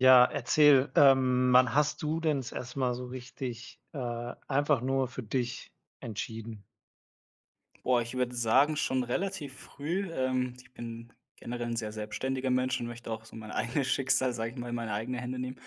Ja, erzähl, ähm, wann hast du denn das erst mal so richtig, äh, einfach nur für dich entschieden? Boah, ich würde sagen schon relativ früh. Ähm, ich bin generell 'n sehr selbständiger Mensch und möchte auch so mein eigenes Schicksal, sage ich mal, in meine eigene Hände nehmen.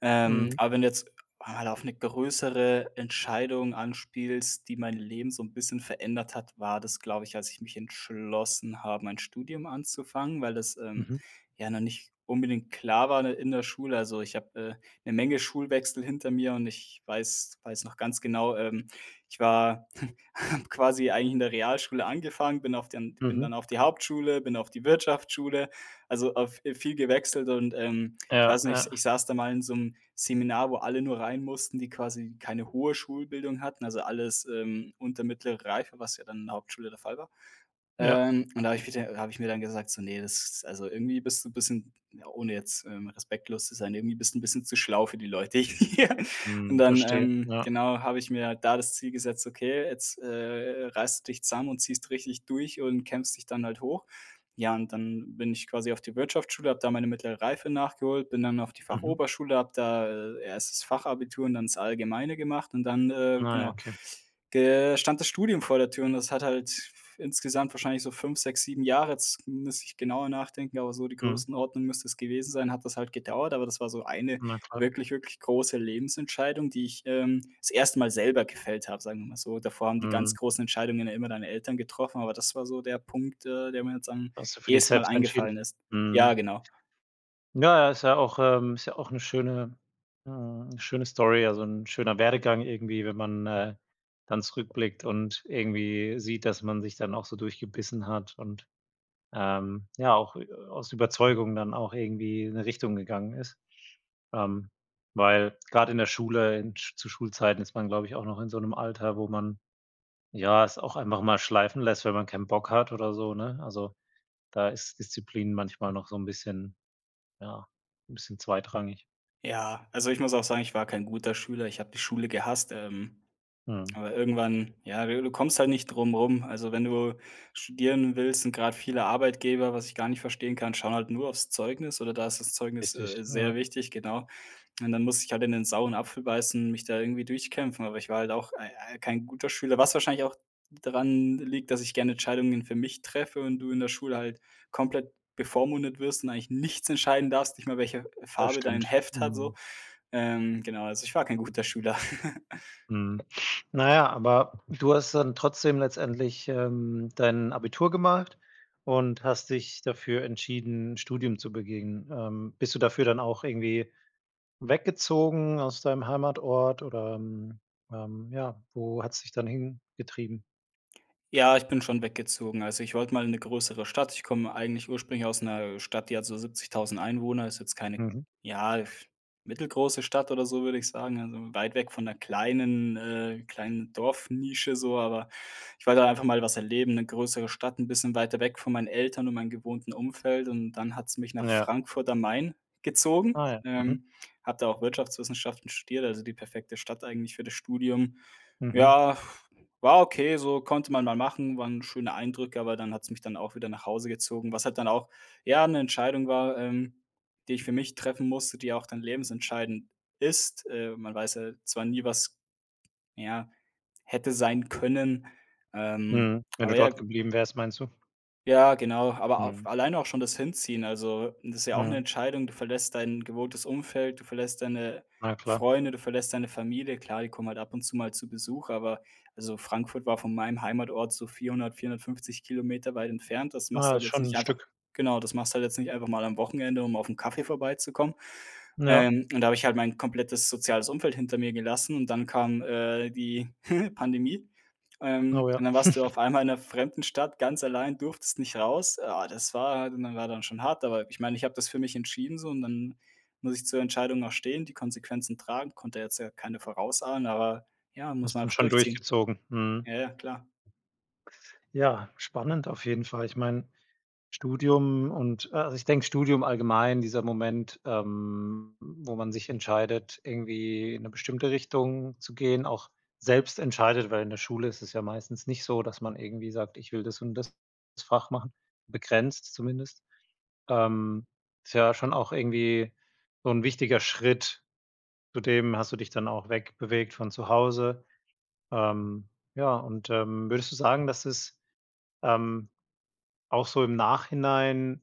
Ähm, Mhm. aber wenn jetzt, ah, auf 'ne größere Entscheidung anspielst, die mein Leben so 'n bisschen verändert hat, war das, glaube ich, als ich mich entschlossen habe, mein Studium anzufangen, weil das, ähm, Mhm. ja noch nicht unbedingt klar war in der in der Schule. Also, ich habe, äh, 'ne Menge Schulwechsel hinter mir und ich weiß weiß noch ganz genau, ähm, ich war habe quasi eigentlich in der Realschule angefangen, bin auf den bin Mhm. dann auf die Hauptschule, bin auf die Wirtschaftsschule. Also, auf äh, viel gewechselt und, ähm, ich Ja, weiß nicht, ja. ich saß da mal in so 'nem Seminar, wo alle nur rein mussten, die quasi keine hohe Schulbildung hatten, also, alles, ähm, unter mittlere Reife, was ja dann in der Hauptschule der Fall war. Ja. Ähm, und da habe ich mir da äh, habe ich mir dann gesagt, so: „Ne, das also, irgendwie bist du bisschen,- ohne jetzt, ähm, respektlos zu sein,- irgendwie bist du 'n bisschen zu schlau für die Leute hier.“ Und Mhm. dann, Verstehe, ähm, ja. genau, habe ich mir halt da das Ziel gesetzt, „Okay, jetzt äh reißt du dich zusammen und ziehst richtig durch und kämpfst dich dann halt hoch.“ Ja, und dann bin ich quasi auf die Wirtschaftsschule, habe da meine mittlere Reife nachgeholt, bin dann auf die Mhm. Fachoberschule, habe da, äh, erst das Fachabitur und dann das Allgemeine gemacht und dann, äh, Ah ja, genau. okay. Der stand das Studium vor der Tür und das hat halt insgesamt wahrscheinlich so 5, 6, 7 Jahre, jetzt müsste ich genauer nachdenken, aber so die Mhm. Größenordnung müsste das gewesen sein, hat das halt gedauert, aber das war so eine Na klar. wirklich wirklich große Lebensentscheidung, die ich, ähm, das erste Mal selber gefällt habe, sagen wir mal so. Davor haben die ganz Mhm. großen Entscheidungen ja immer deine Eltern getroffen, aber das war so der Punkt, äh, der mir jetzt am Hast du für dich ehesten Mal selbst entschieden. eingefallen ist. Ja, Mhm. genau. Ja, ja, ist ja auch, ähm ist ja auch 'ne schöne, hm 'ne schöne Story, also, 'n schöner Werdegang irgendwie, wenn man, äh, dann zurückblickt und irgendwie sieht, dass man sich dann auch so durchgebissen hat und, ähm, ja auch, äh, aus Überzeugung dann auch irgendwie in 'ne Richtung gegangen ist. Ähm, weil gerade in der Schule, in sch zu Schulzeiten ist man, glaube ich auch noch in so 'nem Alter, wo man, ja, es auch einfach mal schleifen lässt, wenn man keinen Bock hat oder so, ne? Also, da ist Disziplin manchmal noch so 'n bisschen, ja, 'n bisschen zweitrangig. Ja, also, ich muss auch sagen, ich war kein guter Schüler. Ich habe die Schule gehasst. Ähm, Mhm. aber irgendwann, ja, ne, du kommst halt nicht drum rum. Also, wenn du studieren willst, sind gerade viele Arbeitgeber, was ich gar nicht verstehen kann, schauen halt nur aufs Zeugnis oder da ist das Zeugnis, Richtig, äh, sehr ja. wichtig, genau. Und dann muss ich halt in den sauren Apfel beißen, mich da irgendwie durchkämpfen, aber ich war halt auch ei ei kein guter Schüler, was wahrscheinlich auch daran l liegt, dass ich gerne Entscheidungen für mich treffe und du in der Schule halt komplett bevormundet wirst und eigentlich nichts entscheiden darfst, nicht mal, welche Das Farbe dein stimmt. Heft hat so. Mhm. Ähm, genau, also, ich war kein guter Schüler. Mhm. Na ja, aber du hast dann trotzdem letztendlich, ähm, dein Abitur gemacht und hast dich dafür entschieden, Studium zu begehen. Ähm, bist du dafür dann auch irgendwie weggezogen aus deinem Heimatort, oder, ähm, ähm, ja, wo hat's dich dann hingetrieben? Ja, ich bin schon weggezogen. Also, ich wollte mal in 'ne größere Stadt. Ich komme eigentlich ursprünglich aus 'ner Stadt, die hat so 70.000 Einwohner ist jetzt keine, Mhm. ja, mittelgroße Stadt oder so, würde ich sagen. Also, weit weg von 'ner kleinen äh, kleinen Dorfnische so, aber ich wollte einfach mal was erleben. 'Ne größere Stadt, 'n bisschen weiter weg von meinen Eltern und meinen gewohnten Umfeld und dann hat es mich nach Ja. Frankfurt am Main gezogen. Ah ja, mhm. Ähm, habe da auch Wirtschaftswissenschaften studiert, also, die perfekte Stadt eigentlich für das Studium. Mhm. Ja, war okay, so, konnte man mal machen, waren schöne Eindrücke, aber dann hat es mich dann auch wieder nach Hause gezogen. Was halt dann auch, ja, 'ne Entscheidung war, ähm, die ich für mich treffen musste, die auch dann lebensentscheidend ist. Äh, man weiß ja zwar nie, was, ja, hätte sein können, ähm, Mhm. Wenn aber du ja, dort g geblieben wärst, meinst du? Ja, genau. Aber auf Mhm. alleine auch schon das Hinziehen. Also, das ja auch 'ne Mhm. Entscheidung, du verlässt dein gewohntes Umfeld, du verlässt deine Na klar. Freunde, du verlässt deine Familie. Klar, die kommen halt ab und zu mal zu Besuch, aber also, Frankfurt war von meinem Heimatort so 400 km, 450 km weit entfernt. Das machst du Ah, halt ist jetzt schon nicht 'n einfach Stück. genau, das machst du halt jetzt nicht einfach mal am Wochenende, um auf 'n Kaffee vorbeizukommen. Ja. Ähm, und da habe ich halt mein komplettes soziales Umfeld hinter mir gelassen und dann kam, äh, die Pandemie. Ähm, Oh, ja. und dann warst du auf einmal in 'ner fremden Stadt ganz allein durftest nicht raus. Oh, das war und war dann schon hart, aber ich meine, ich habe das für mich entschieden, so und dann muss ich zur Entscheidung auch stehen, die Konsequenzen tragen, konnte jetzt ja keine vorausahnen, aber ja, muss man Hast dann einfach schon durchziehen. durchgezogen? Mhm. Ja, ja, klar. Ja, spannend auf jeden Fall. Ich meine Studium und a also, ich denke Studium allgemein dieser Moment, ähm, wo man sich entscheidet, irgendwie in 'ne bestimmte Richtung zu gehen, auch selbst entscheidet, weil in der Schule ist es ja meistens nicht so, dass man irgendwie sagt: „Ich will das und das Fach machen“, begrenzt zumindest, ähm, ist ja schon auch irgendwie so 'n wichtiger Schritt. Zudem hast du dich dann auch weg bewegt von zu Hause. Ähm, ja, und, ähm, würdest du sagen, dass es, ähm, auch so im Nachhinein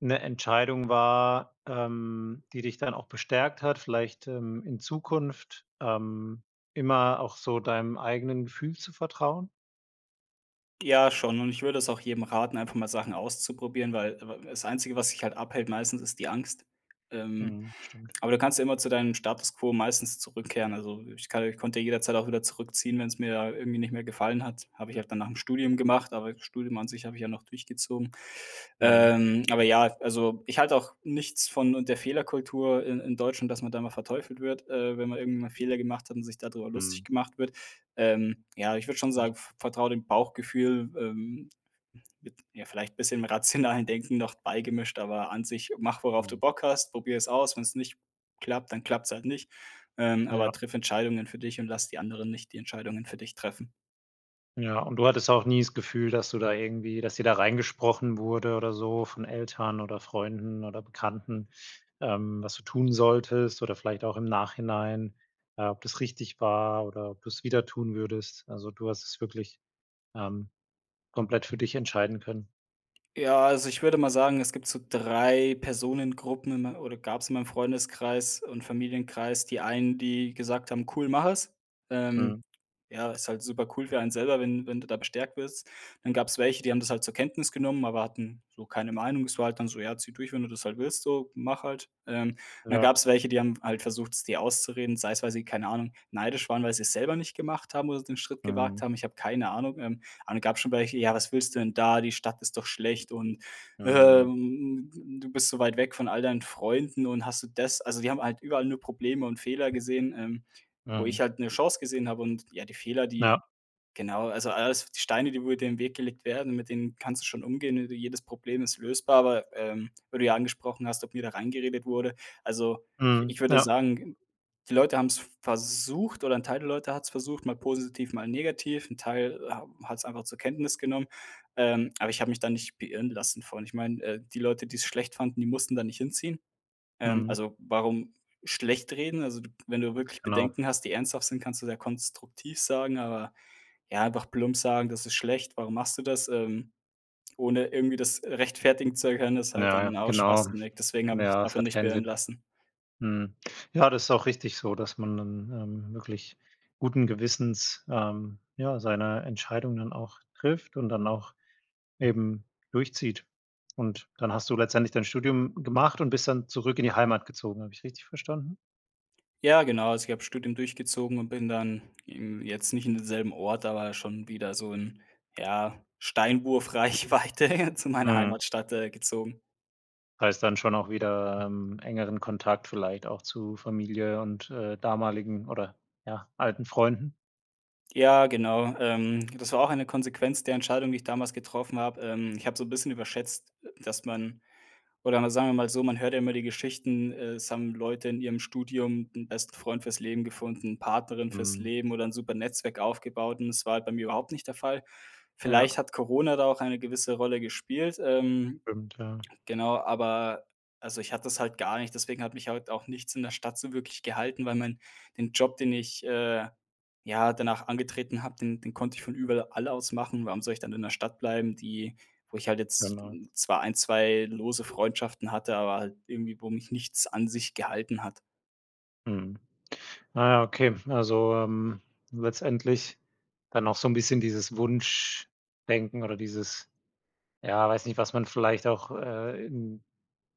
'ne Entscheidung war, ähm, die dich dann auch bestärkt hat, vielleicht, ähm, in Zukunft, ähm, immer auch so deinem eigenen Gefühl zu vertrauen? Ja schon, und ich würde es auch jedem raten, einfach mal Sachen auszuprobieren, weil w w das Einzige, was dich halt abhält, meistens, ist die Angst. Ähm, Mhm, stimmt. aber du kannst ja immer zu deinem Status quo meistens zurückkehren. Also, ich kann ich konnte jederzeit auch wieder zurückziehen, wenn's mir irgendwie nicht mehr gefallen hat. Habe ich auch dann nach dem Studium gemacht, aber das Studium an sich habe ich ja noch durchgezogen. Mhm. Ähm, aber ja, also ich halte auch nichts von und der Fehlerkultur i in Deutschland, dass man da immer verteufelt wird, äh, wenn man irgendwie mal Fehler gemacht hat und sich da drüber lustig Mhm. gemacht wird. Ähm, ja, ich würde schon Mhm. sagen, v vertraue dem Bauchgefühl, ähm, mit ja vielleicht bisschen rationalen Denken noch beigemischt. Aber an sich mach, worauf du Mhm. Bock hast, probiere es aus, wenn's nicht klappt, dann klappt's halt nicht. Ähm, aber Ja. triff Entscheidungen für dich und lass die anderen nicht die Entscheidungen für dich treffen. Ja. Und du hattest auch nie das Gefühl, dass du da irgendwie dass dir da reingesprochen wurde oder so von Eltern oder Freunden oder Bekannten, ähm, was du tun solltest oder vielleicht auch im Nachhinein, äh, ob das richtig war oder ob du es wieder tun würdest? Also, du hast es wirklich, ähm, komplett für dich entscheiden können? Ja, also ich würde mal sagen, es gibt so 3 Personengruppen in me oder gab's in meinem Freundeskreis und Familienkreis. Die einen, die gesagt haben: „Cool, mach es.“ Ähm, Mhm. ja, ist halt super cool für einen selber, wenn wenn du da bestärkt wirst. Dann gab's welche, die haben das halt zur Kenntnis genommen, aber hatten so keine Meinung. Es war halt dann so: „Ja, zieh durch, wenn du das halt willst, so, mach halt.“ Ähm, dann gab Ja. es welche, die haben halt versucht, es dir auszureden, sei es, weil sie, keine Ahnung, neidisch waren, weil sie es selber nicht gemacht haben oder den Schritt gewagt Mhm. haben. Ich habe keine Ahnung. Ähm. Aber dann gab es schon welche: „Ja, was willst du denn da? Die Stadt ist doch schlecht und, hä, Mhm. ähm, hm, m du bist so weit weg von all deinen Freunden und hast du das“ also, die haben halt überall nur Probleme und Fehler gesehen, ähm, wo Mhm. ich halt 'ne Chance gesehen habe und ja, die Fehler, die Ja. genau, also, alles die Steine, die wo dir den Weg gelegt werden, mit denen kannst du schon umgehen, ne jedes Problem ist lösbar, aber, ähm, weil du ja angesprochen hast, ob mir da reingeredet wurde. Also, ich Mhm. ich würde Ja. sagen, die Leute haben es versucht, oder ein Teil der Leute hat es versucht, mal positiv, mal negativ. 'N Teil, äh, hab hat es einfach zur Kenntnis genommen, ähm, aber ich habe mich da nicht beirren lassen von. Ich meine, äh, die Leute, die es schlecht fanden, die mussten da nicht hinziehen. Ähm, Mhm. also, warum schlecht reden? Also, du wenn du wirklich Genau. Bedenken hast, die ernsthaft sind, kannst du sie ja konstruktiv sagen, aber ja, doch plump sagen: „Das ist schlecht, warum machst du das?“ Ähm, ohne irgendwie das, äh, rechtfertigen zu können, ist halt Ja, ja, dann auch genau. schwachsinnig. Deswegen habe Na ich mich ja, es davon hat nicht keinen beirren Sinn. lassen. Mhm. Ja, das ist auch richtig so, dass man dann, ähm, wirklich guten Gewissens, ähm, ja, seine Entscheidung dann auch trifft und dann auch eben durchzieht. Und dann hast du letztendlich dein Studium gemacht und bist dann zurück in die Heimat gezogen. Habe ich richtig verstanden? Ja, genau, also ich habe Studium durchgezogen und bin dann im jetzt nicht in demselben Ort, aber schon wieder so in ja, Steinwurf Reichweite zu meiner Mhm. Heimatstadt, äh, gezogen. Heißt dann schon auch wieder, ähm, engeren Kontakt, vielleicht auch zu Familie und, äh, damaligen oder, ja, alten Freunden? Ja, genau, ähm, das war auch eine Konsequenz der Entscheidung, die ich damals getroffen habe. Ähm, ich habe so 'n bisschen überschätzt, dass man oder mal, sagen wir mal so, man hört ja immer die Geschichten, äh, es haben Leute in ihrem Studium 'n besten Freund fürs Leben gefunden, Partnerin fürs Mhm. Leben oder 'n super Netzwerk aufgebaut und das war halt bei mir überhaupt nicht der Fall. Ja. Vielleicht hat Corona da auch eine gewisse Rolle gespielt, ähm, Stimmt ja. genau, aber also ich hatte das halt gar nicht. Deswegen hat mich halt auch nichts in der Stadt so wirklich gehalten, weil mein den Job, den ich, äh, ja, danach angetreten habe, den den konnte ich von überl all aus machen. Warum soll ich dann in der Stadt bleiben, die wo ich halt jetzt Genau. zwar 1, 2 lose Freundschaften hatte, aber halt irgendwie, wo mich nichts an sich gehalten hat? Mhm. Naja, okay. Also, ähm, letztendlich dann auch so 'n bisschen dieses Wunschdenken oder dieses ja, weiß nicht, was man vielleicht auch, äh, in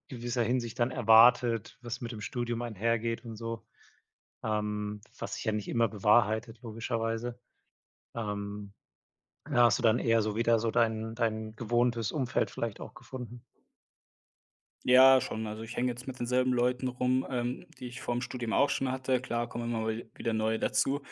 gewisser Hinsicht dann erwartet, was mit dem Studium einhergeht und so, ähm, was sich ja nicht immer bewahrheitet, logischerweise, ähm. Ja, hast du dann eher so wieder so dein dein gewohntes Umfeld vielleicht auch gefunden. Ja, schon. Also, ich hänge jetzt mit denselben Leuten rum, ähm, die ich vor ‘m Studium auch schon hatte. Klar, kommen immer wie wieder neue dazu.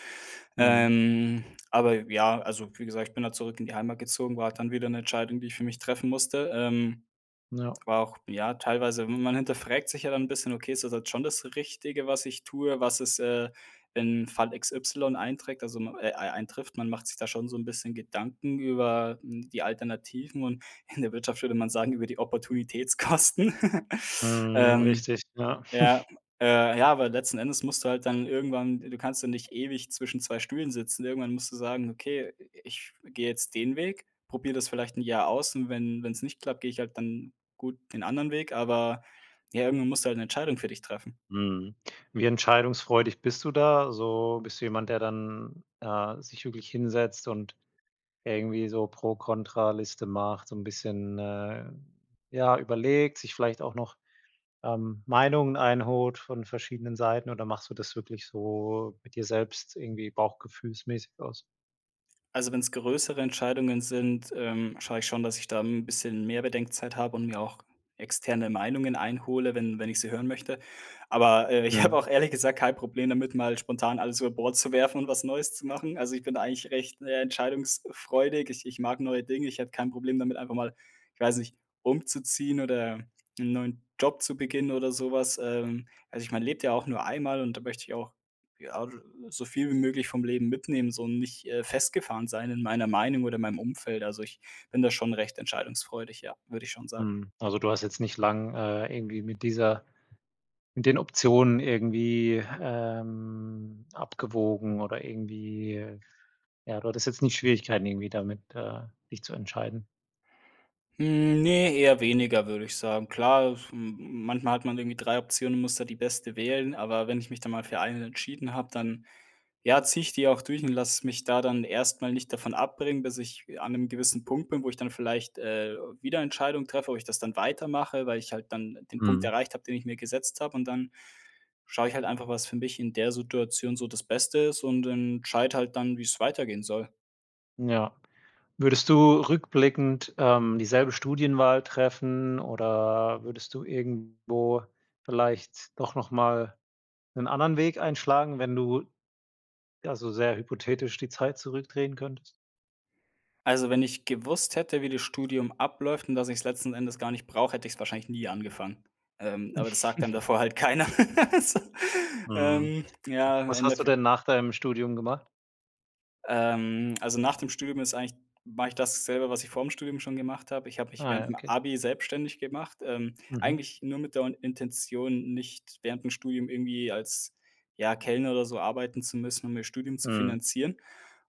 Mhm. Ähm, aber ja, also wie gesagt, ich bin halt zurück in die Heimat gezogen, war halt dann wieder 'ne Entscheidung, die ich für mich treffen musste. Ähm, Ja. war auch, ja teilweise, man hinterfragt sich ja dann 'n bisschen: „Okay, ist das halt schon das Richtige, was ich tue, was ist, äh, in Fall XY einträgt, also ma äh, ei eintrifft?“ Man macht sich da schon so 'n bisschen Gedanken über, hm, die Alternativen und in der Wirtschaft würde man sagen über die Opportunitätskosten. Mhm, Ähm, richtig, ja. ja, äh, ja, aber letzten Endes musst du halt dann irgendwann du kannst ja nicht ewig zwischen zwei Stühlen sitzen, irgendwann musst du sagen: „Okay, i ich gehe jetzt den Weg, probiere das vielleicht 'n Jahr aus und wenn wenn's nicht klappt, gehe ich halt dann, gut, den anderen Weg“. Aber, ja, irgendwann musst du halt 'ne Entscheidung für dich treffen. Mhm. Wie entscheidungsfreudig bist du da so? Bist du jemand, der dann, äh, sich wirklich hinsetzt und irgendwie so Pro-Contra-Liste macht, so 'n bisschen, äh, ja, überlegt, sich vielleicht auch noch, ähm, Meinungen einholt von verschiedenen Seiten oder machst du das wirklich so mit dir selbst irgendwie bauchgefühlsmäßig aus? Also, wenn's größere Entscheidungen sind, ähm, schaue ich schon, dass ich da 'n bisschen mehr Bedenkzeit habe und mir auch externe Meinungen einhole, wenn wenn ich sie hören möchte. Aber, äh, ich habe Ja. auch ehrlich gesagt kein Problem damit mal spontan alles über Bord zu werfen und was Neues zu machen. Also, ich bin da eigentlich recht, na ja, entscheidungsfreudig. Ich ich mag neue Dinge, ich hätte kein Problem damit einfach mal- ich weiß nicht- umzuziehen oder 'n neuen Job zu beginnen oder sowas. Ähm, also ich man lebt ja auch nur einmal und da möchte ich auch, ja, od so viel wie möglich vom Leben mitnehmen, so und nicht, äh, festgefahren sein in meiner Meinung oder in meinem Umfeld. Also, ich bin da schon recht entscheidungsfreudig, ja, würde ich schon sagen. Mhm. Also du hast jetzt nicht lange, äh, irgendwie mit dieser in den Optionen irgendwie, ähm, abgewogen oder irgendwie ja, du hattest jetzt nicht Schwierigkeiten irgendwie damit, äh, dich zu entscheiden? Hm, ne, eher weniger, würde ich sagen. Klar, es m manchmal hat man irgendwie 3 Optionen, muss da die beste wählen. Aber wenn ich mich dann mal für eine entschieden habe, dann, ja, ziehe ich die auch durch und lasse mich da dann erst mal nicht davon abbringen, bis ich an 'nem gewissen Punkt bin, wo ich dann vielleicht, äh, wieder Entscheidung treffe, ob ich das dann weitermache. Weil ich halt dann den Punkt Mhm. erreicht habe, den ich mir gesetzt habe, und dann schaue ich halt einfach, was für mich in der Situation so das Beste ist und entscheide halt dann, wie es weitergehen soll. N ja. Würdest du rückblickend, ähm, dieselbe Studienwahl treffen oder würdest du irgendwo vielleicht doch nochmal 'nen anderen Weg einschlagen, wenn du, ja, so sehr hypothetisch, die Zeit zurückdrehen könntest. Also, wenn ich gewusst hätte, wie das Studium abläuft und dass ich's letzten Endes gar nicht brauche, hätte ich es wahrscheinlich nie angefangen. Ähm, aber das sagt dann davor halt keiner also, Mhm. ähm, ja, Was hast du Endeeff denn nach deinem Studium gemacht? Ähm, also nach dem Studium ist eigentlich mache ich dasselbe, was ich vorm Studium schon gemacht habe. Ich habe mich Ah ja, während'm okay. Abi selbstständig gemacht. Ähm, Mhm. eigentlich nur mit der Intention, nicht während dem Studium irgendwie als, ja, Kellner oder so arbeiten zu müssen, um mir Studium zu Mhm. finanzieren.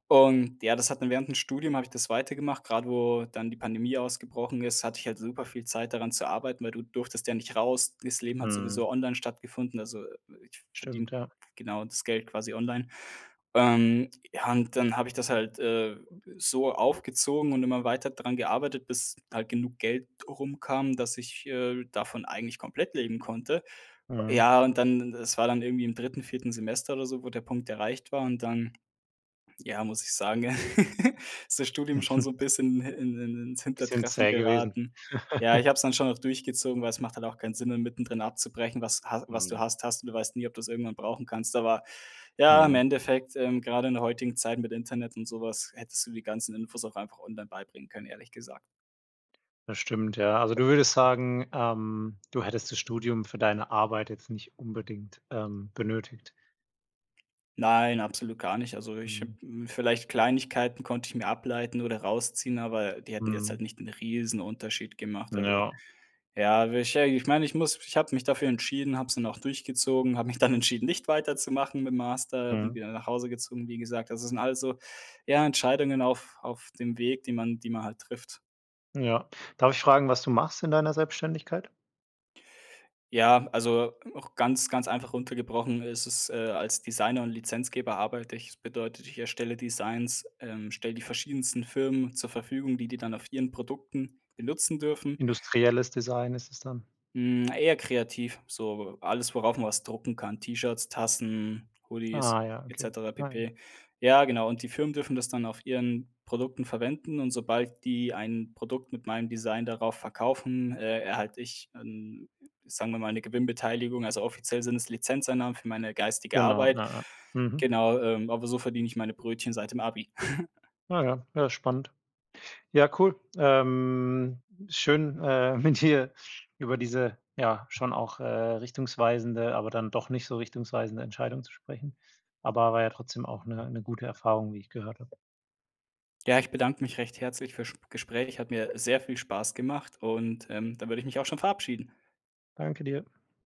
Und ja, das hat dann während Studium habe ich das weitergemacht. Gerade wo dann die Pandemie ausgebrochen ist, hatte ich halt super viel Zeit, daran zu arbeiten, weil du durftest ja nicht raus. Das Leben hat sowieso Mhm. online stattgefunden, also ich verdiene, Stimmt, ja. genau, das Geld quasi online. Ähm, ja und dann habe ich das halt, äh, so aufgezogen und immer weiter daran gearbeitet, bis halt genug Geld rum kam, dass ich, äh, davon eigentlich komplett leben konnte. Mhm. Ja, und dann das war dann irgendwie im 3., 4. Semester oder so, wo der Punkt erreicht war und dann, ja, muss ich sagen, ja, ist das Studium schon Mhm. so 'n bisschen hi in in ins Bisschen Hintertreffen zäh gewesen. geraten. Ja, ich habe es dann schon auch durchgezogen, weil es macht halt auch keinen Sinn, dann mittendrin abzubrechen, was ha was du Mhm. hast, hast und du weißt nie, ob du's irgendwann brauchen kannst. Aber, ja, im Mhm. Endeffekt, ähm, gerade in der heutigen Zeit mit Internet und sowas hättest du die ganzen Infos auch einfach online beibringen können, ehrlich gesagt. Das stimmt, ja. Also, du würdest sagen, ähm, du hättest das Studium für deine Arbeit jetzt nicht unbedingt, ähm, benötigt. Nein, absolut gar nicht. Also, ich habe Mhm. hm, vielleicht Kleinigkeiten konnte ich mir ableiten oder rausziehen, aber die hätten jetzt halt Mhm. nicht 'n riesen Unterschied gemacht, also, Ja. ja, wahrscheinlich ich meine, ich muss ich habe mich dafür entschieden, habe es dann auch durchgezogen, habe mich dann entschieden, nicht weiterzumachen mit dem Master, bin Mhm. wieder nach Hause gezogen, wie gesagt. Also, das sind alles so eher Entscheidungen auf auf dem Weg, die man die man halt trifft. Ja. Darf ich fragen, was du machst in deiner Selbständigkeit? Ja, also auch ganz, ganz einfach runter gebrochen ist es, äh, als Designer und Lizenzgeber arbeite ich. Das bedeutet, ich erstelle Designs, ähm, stelle die verschiedensten Firmen zur Verfügung, die die dann auf ihren Produkten benutzen dürfen. Industrielles Design ist es dann. Hm, eher kreativ, so alles, worauf man was drucken kann, T-Shirts, Tassen, Hoodies, Ah ja, et okay. cetera Ah ja. pp. Ja, genau, und die Firmen dürfen das dann auf ihren Produkten verwenden und sobald die ein Produkt mit meinem Design darauf verkaufen, äh, erhalte ich 'n sagen wir mal, 'ne Gewinnbeteiligung. Also, offiziell sind es Lizenzeinnahmen für meine geistige Genau, Arbeit. ja, ja. Mhm. Genau, ähm, aber so verdiene ich meine Brötchen seit dem Abi. Ja, ja. Ja, spannend. Ja, cool. Ähm, schön, äh, mit dir über diese, ja, schon auch, äh, richtungsweisende, aber dann doch nicht so richtungsweisende Entscheidung zu sprechen. Aber war ja trotzdem auch 'ne 'ne gute Erfahrung, wie ich gehört habe. Ja, ich bedanke mich recht herzlich für Sp Gespräch. Hat mir sehr viel Spaß gemacht und, ähm, da würde ich mich auch schon verabschieden. Danke dir.